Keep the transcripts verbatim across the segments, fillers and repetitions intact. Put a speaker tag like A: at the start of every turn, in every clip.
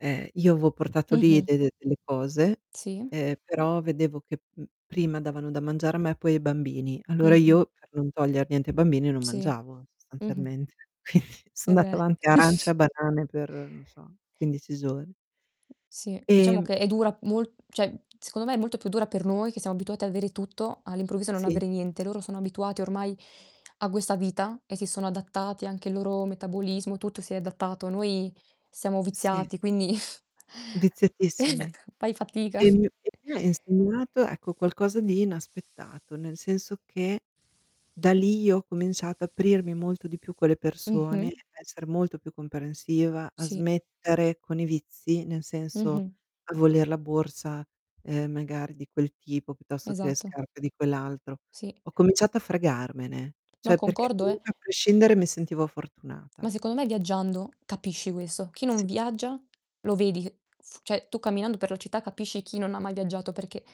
A: Eh, io aveo portato lì
B: Mh-mh.
A: de de delle cose,
B: Sì.
A: ehm, però vedevo che, uhm, prima davano da mangiare a me poi ai bambini. Allora
B: Mh-mh.
A: io per non toglier niente ai bambini, non
B: Sì.
A: mangiavo
B: Mh-mh.
A: sostanzialmente. So
B: Eh
A: andata
B: beh.
A: avanti a arance e a banane per, non so, quindici giorni.
B: Sì, diciamo
A: Ehm
B: che è dura mol cioè, secondo me è molto più dura per noi, che siamo abituati ad avere tutto, all'improvviso non
A: Sì.
B: avere niente. Loro sono abituati ormai a questa vita e si sono adattati, anche il loro metabolismo, tutto si è adattato. Noi siamo
A: Sì.
B: viziati quindi eh,
A: Viziatissimi.
B: fai fatica.
A: E mi e mi ha insegnato, ecco, qualcosa di inaspettato, nel senso che da lì io ho cominciato a aprirmi molto di più con le persone, a
B: Mh-mh.
A: essere molto più comprensiva, a
B: Sì.
A: smettere con i vizi, nel senso,
B: Mh-mh.
A: a voler la borsa, ehm, magari di quel tipo, piuttosto che le
B: Esatto.
A: scarpe di quell'altro.
B: Sì.
A: Ho cominciato a fregarmene,
B: No,
A: cioè, perché
B: concordo, eh
A: comunque a prescindere mi sentivo fortunata.
B: Ma secondo me viaggiando capisci questo. Chi non
A: Sì.
B: viaggia lo vedi che f ceh tu camminando per la città, capisci chi non ha mai viaggiato perché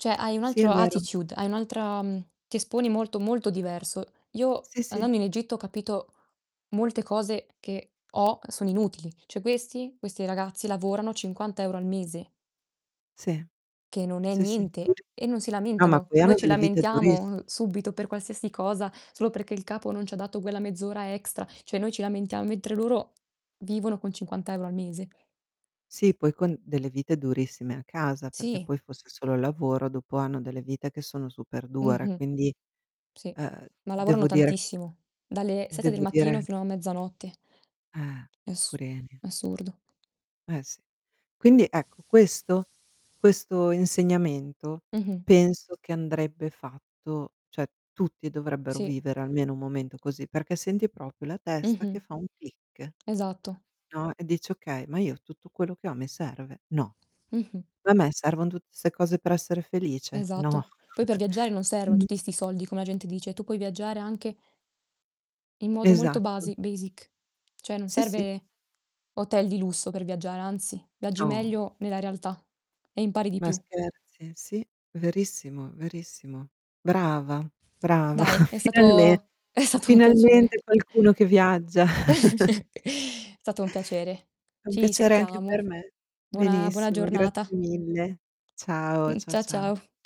B: cioè hai un
A: Sì, è
B: altro
A: vero.
B: attitude, hai un'altra, mhmm, ti esponi molto molto diverso. Io
A: Sì, sì.
B: andando in Egitto ho capito molte cose che ho sono inutili. Cioè questi questi ragazzi lavorano cinquanta euro al mese
A: Sì.
B: che non è
A: Sì, sì.
B: niente,
A: [unintelligible]
B: e non si
A: no, ma
B: lamentano.
A: poi hanno
B: Noi ci
A: delle vite durissi
B: lamentiamo subito per qualsiasi cosa, solo perché il capo non ci ha dato quella mezz'ora extra. Cioè noi ci lamentiam mentre loro vivono con cinquanta euro al mese.
A: Sì, poi con delle vite durissime a casa, perché
B: Sì.
A: poi fosse solo il lavoro, dopo hanno delle vite che sono super dure,
B: Mh-mh.
A: quindi,
B: Sì,
A: uhm,
B: ma lavorano
A: devo dire
B: tantissimo, dalle sette del
A: devo
B: mattino
A: dire
B: fino a mezzanotte.
A: Eh,
B: È assu
A: purini.
B: è assurdo.
A: Eh, sì. Quindi ecco, questo questo insegnamento,
B: Mh-mh.
A: penso che andrebbe fatto, cioè, tutti dovrebbero
B: Sì.
A: vivere almeno un momento così, perché senti propio la testa
B: Mh-mh.
A: che fa un click,
B: Esatto.
A: no, e dici: "Okay, ma io tutto quello che ho mi serve? No.
B: Mh-mh.
A: Ma a me servono tutte 'ste cose per essere felice? No".
B: Esatto. Poi per viaggiare non servono
A: Quindi
B: tutti 'sti soldi come la gente dice, tu puoi viaggiare anche in modo molto
A: Esatto.
B: basi basic. Cioè non
A: Sì, sì.
B: serve hotel di lusso per viaggiare, anzi viaggi
A: No.
B: meglio nella realtà e impari di
A: Ma
B: più.
A: scherzi? Sì, verissimo, verissimo. Brava, brava.
B: Dai, è
A: Finalmen
B: stato è stato un piacere.
A: finalmente qualcuno che viaggia.
B: Stato un piacere.
A: È un
B: Ci
A: piacere anche per
B: sentiamo.
A: me.
B: Buona buona
A: Benissimo,
B: giornata.
A: grazie mille. Ciao,
B: Mh,
A: ciao,
B: cia
A: ciao.
B: ciao.